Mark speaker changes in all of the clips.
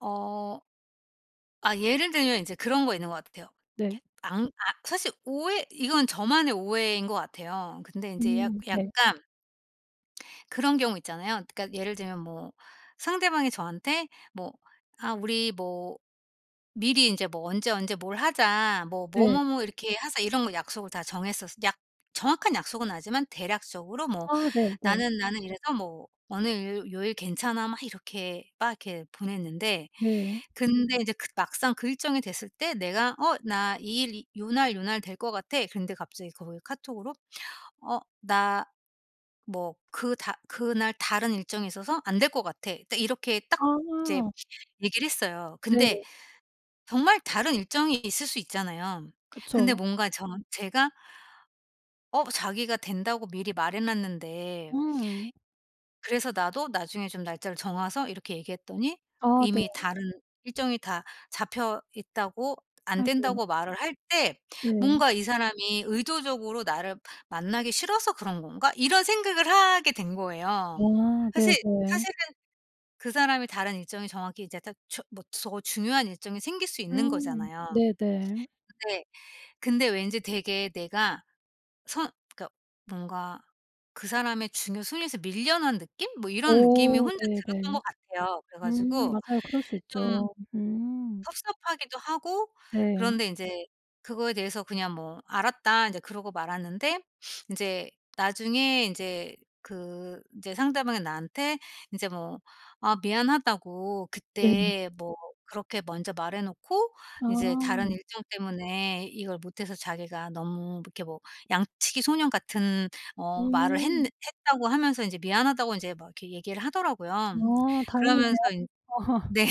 Speaker 1: 어. 아 예를 들면 인제 그런 거 있는 것 같아요.
Speaker 2: 네.
Speaker 1: 안 아 사실 오해 이건 저만의 오해인 것 같아요. 근데 인제 약
Speaker 2: 음. 네.
Speaker 1: 약간 그런 경우 있잖아요. 그니까 예를 들면 뭐 상대방이 저한테 뭐 아 우리 뭐 미리 인제 뭐 "언제, 언제 뭘 하자 뭐 뭐,
Speaker 2: 네.
Speaker 1: 뭐, 뭐 이렇게 하자." 이런 거 약속을 다 정했었 약 정확한 약속은 아니지만 대략적으로 뭐
Speaker 2: 아 네네.
Speaker 1: "나는, 나는 이래서 뭐 어느 요 요일 괜찮아." 막 이렇게 막 이렇게 보냈는데
Speaker 2: 네.
Speaker 1: 근데 이제 그 막상 그 일정이 됐을 때 내가 어 "나 이 일, 이 요 날 요 날 될 거 같아." 근데 갑자기 거기 카톡으로 "어 나 뭐 그 다 그날 다른 일정이 있어서 안 될 것 같아." 딱 이렇게 딱 이제
Speaker 2: 아.
Speaker 1: 얘기를 했어요. 근데
Speaker 2: 네.
Speaker 1: 정말 다른 일정이 있을 수 있잖아요. 근데
Speaker 2: 그쵸.
Speaker 1: 뭔가 저 제가 어 자기가 된다고 미리 말해놨는데
Speaker 2: 음.
Speaker 1: 그래서 나도 나중에 좀 날짜를 정해서 이렇게 얘기했더니
Speaker 2: 아 네.
Speaker 1: "이미 다른 일정이 다 잡혀있다."고 "안
Speaker 2: 아이고.
Speaker 1: 된다."고 말을 할 때
Speaker 2: 네.
Speaker 1: 뭔가 '이 사람이 의도적으로 나를 만나기 싫어서 그런 건가?' 이런 생각을 하게 된 거예요.
Speaker 2: 아
Speaker 1: 사실
Speaker 2: 네네.
Speaker 1: 사실은 그 사람이 다른 일정이 정확히 이제 딱 저 뭐 더 중요한 일정이 생길 수 있는
Speaker 2: 음
Speaker 1: 거잖아요.
Speaker 2: 네네.
Speaker 1: 네. 근데 왠지 되게 내가 선 그니까 뭔가 그 사람의 중요 순위에서 밀려난 느낌? 뭐 이런 느낌이
Speaker 2: 어
Speaker 1: 혼자 들었던
Speaker 2: 네네.
Speaker 1: 것 같아요. 그래
Speaker 2: 음
Speaker 1: 가지고
Speaker 2: 맞아요. 그럴 수
Speaker 1: 좀
Speaker 2: 있죠. 음.
Speaker 1: 섭섭하기도 하고
Speaker 2: 네.
Speaker 1: 그런데 인제 그거에 대해서 그냥 뭐 "알았다." 인제 그러고 말았는데 인제 나중에 인제 그 인제 상대방이 나한테 인제 뭐 "아 미안하다."고
Speaker 2: 네.
Speaker 1: "그때 뭐 그렇게 먼저 말해놓고 인제 다른
Speaker 2: 아.
Speaker 1: 일정 때문에 이걸 못해서 자기가 너무 뭐 이렇게 뭐 양치기 소년 같은 어 말을 했는
Speaker 2: 음.
Speaker 1: 했다."고 하면서 인제 "미안하다."고 인제 막 이렇게 얘기를 하더라고요.
Speaker 2: 아 다행이네요.
Speaker 1: 그러면서 인 네.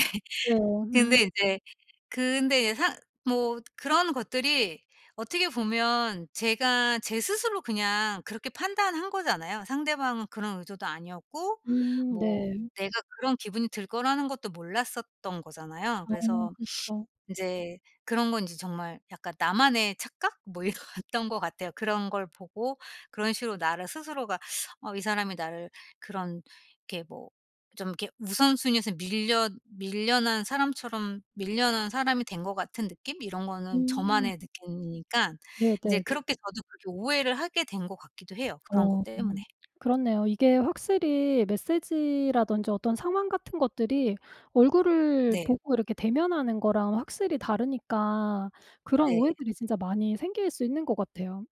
Speaker 2: 네.
Speaker 1: 근데
Speaker 2: 음.
Speaker 1: 인제 근데 이제 상 뭐 그런 것들이 어떻게 보면 제가 제 스스로 그냥 그렇게 판단한 거잖아요. 상대방은 그런 의도도 아니었고
Speaker 2: 음
Speaker 1: 뭐
Speaker 2: 네.
Speaker 1: 내가 그런 기분이 들 거라는 것도 몰랐었던 거잖아요.
Speaker 2: 아
Speaker 1: 그래서
Speaker 2: 그쵸.
Speaker 1: 인제 그런 건 인제 정말 약간 나만의 착각 뭐 이랬던 것 같아요. 그런 걸 보고 그런 식으로 나를 스스로가 어 이 사람이 나를 그런 이렇게 뭐 좀 이렇게 우선순위에서 밀려 밀려난 사람처럼 밀려난 사람이 된 것 같은 느낌 이런 거는
Speaker 2: 음.
Speaker 1: 저만의 느낌이니깐
Speaker 2: 네네
Speaker 1: 이제
Speaker 2: 네.
Speaker 1: 그렇게 저도 그렇게 오해를 하게 된 것 같기도 해요, 그런
Speaker 2: 어
Speaker 1: 것 때문에.
Speaker 2: 음 그렇네요. 이게 확실히 메시지라든지 어떤 상황 같은 것들이 얼굴을
Speaker 1: 네.
Speaker 2: 보고 이렇게 대면하는 거랑 확실히 다르니까 그런
Speaker 1: 네.
Speaker 2: 오해들이 진짜 많이 생길 수 있는 것 같아요.